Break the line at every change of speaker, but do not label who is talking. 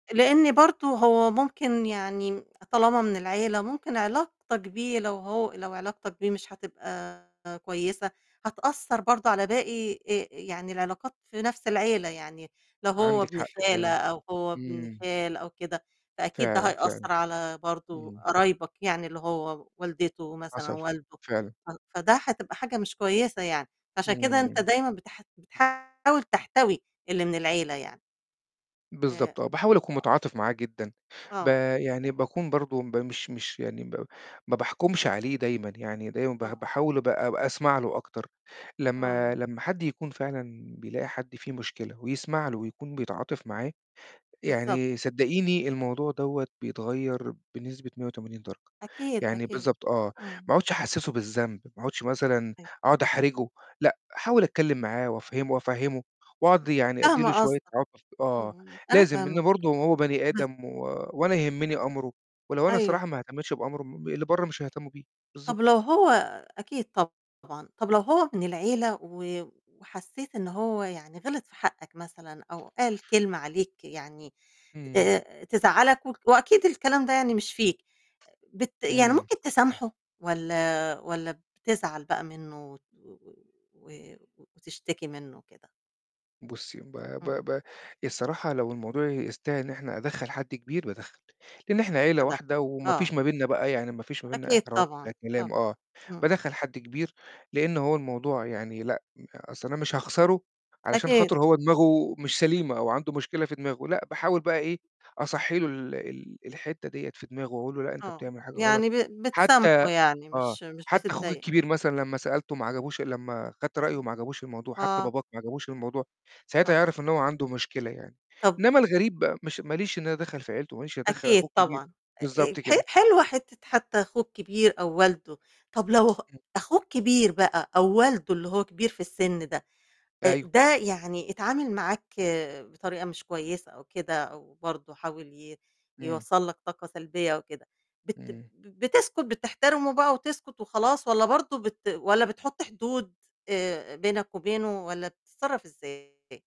لإن برضه هو ممكن يعني م طالما من العيلة، ممكن علاقتك بيه لو هو لو علاقتك بيه مش هتبقى كويسة، هتأثّر برضه على باقي آآ يعني العلاقات في نفْس العيلة يعني، لو هو
عندِك
ابن
حق
خالة
فعلًا.
أو هو ابن
إمم.
خال أو كده، فأكيد ده
فعلًا، فعلًا.
هيأثّر على برضو
إمم.
قرايبك يعني اللي هو والدته مثلًا
حصل ف
والده
فعلًا.
ف فده هتبقى حاجة مش كويسة يعني، فعشان كده أنت
امم.
دايمًا بتح بتحاول تحتوي اللي من العيلة يعني.
بالضبط، آه،
ف
باحاول أكون متعاطف معاه جدًا ب
آه.
يعني باكون برضه ب مش مش يعني ب ما باحكُمش عليه دايمًا يعني، دايمًا باح
آه.
باحاول أب أسمع له أكتر، لمّا
أيوه.
لمّا حد يكون فعلًا بيلاقي حد فيه مشكلة، ويسمع له، ويكون بيتعاطف معاه،
بالضبط.
يعني صدّقيني الموضوع دوّة بيتغيّر بنسبة 180 درجة،
أكيد،
يعني
أكيد.
بالضبط آه،
إمم.
ما أقعُدش أحسّسه بالذنب ما أقعُدش مثلًا
أي
أقعُد أحرجه، لأ احاول أتكلم معاه وأفَهّمه وأفَهّمه، وأقعد يعني أدي له
فاهمة
شوية
قصدك.
عطف آه
امم، أنا
لازم لإن
فاهماك.
برضه هو بني آدم و وأنا يهمّني أمره، ولو أنا
أيوه.
الصراحة ما أهتمتش بأمره، م اللي برّه مش هيهتموا بيه،
طَب
بالضبط.
لو هو أكيد طبعًا، طَب لو هو من العيلة، و وحسّيت إن هو يعني غِلط في حقّك مثلًا، أو قال كلمة عليك يعني
امم.
آآ تزعّلك و وأكيد الكلام ده يعني مش فيك، بت يعني
امم.
ممكن تسامحه، والّا والّا بتزعل بقى منه وت و و وتشتكي منه وكده؟
بُصّي ب ب
امم.
ب الصراحة لو الموضوع يستاهل إن إحنا أدَخّل حد كبير، بادَخّل، لإن إحنا عيلة
[unintelligible]
واحدة وما
آه.
فيش ما بيننا بقى يعني ما فيش ما بيننا
أكيد
إحراج،
طبعًا،
ده
طبعًا.
كلام آه،
امم.
بادَخّل حد كبير لإن هو الموضوع يعني لأ، أصل أنا مش هاخسره علشان
أكيد.
خاطر هو دماغه، مش سليمة أو عنده مشكلة في دماغه، لأ باحاول بقى إيه أصَحّي له ال ال الحِتّة ديّة في دماغه، وأقول له لأ أنت
آه.
بتعمل حاجة غلط،
يعني ب
حتّى
بتسامحه يعني
آه،
مش مش
حتّى أخوك
بتضايق
الكبير مثلًا لمّا سألته ما عجبوش لمّا خدت رأيه ما عجبوش الموضوع، حتّى
آه.
باباك ما عجبوش الموضوع، ساعتها
طيب.
هيعرف إن هو عنده مشكلة يعني،
طَب
إنّما الغريب بقى، مش ما ليش إن أنا أتدخّل في عيلته، ما ليش إن أنا أدَخّل
أكيد
أخوه الكبير.
طبعًا أ أ
بالضبط
ح
كده.
حلوة حِتّة حتّى أخوه الكبير أو والده، طَب لو ه أخوه الكبير بقى أو والده اللي هو كبير في السن ده، آآ
أيوه.
ده يعني اتعامل معاك بطريقة مش كويسة أو كده أو برضه حاول ي
امم.
يوصّل لك طاقة سلبية وكده، بت
امم.
بتسكت، بتحترمه بقى وتسكت وخلاص، والّا برضه بت والّا بتحُط حدود آآ بينك وبينه، والّا بتتصرف إزاي؟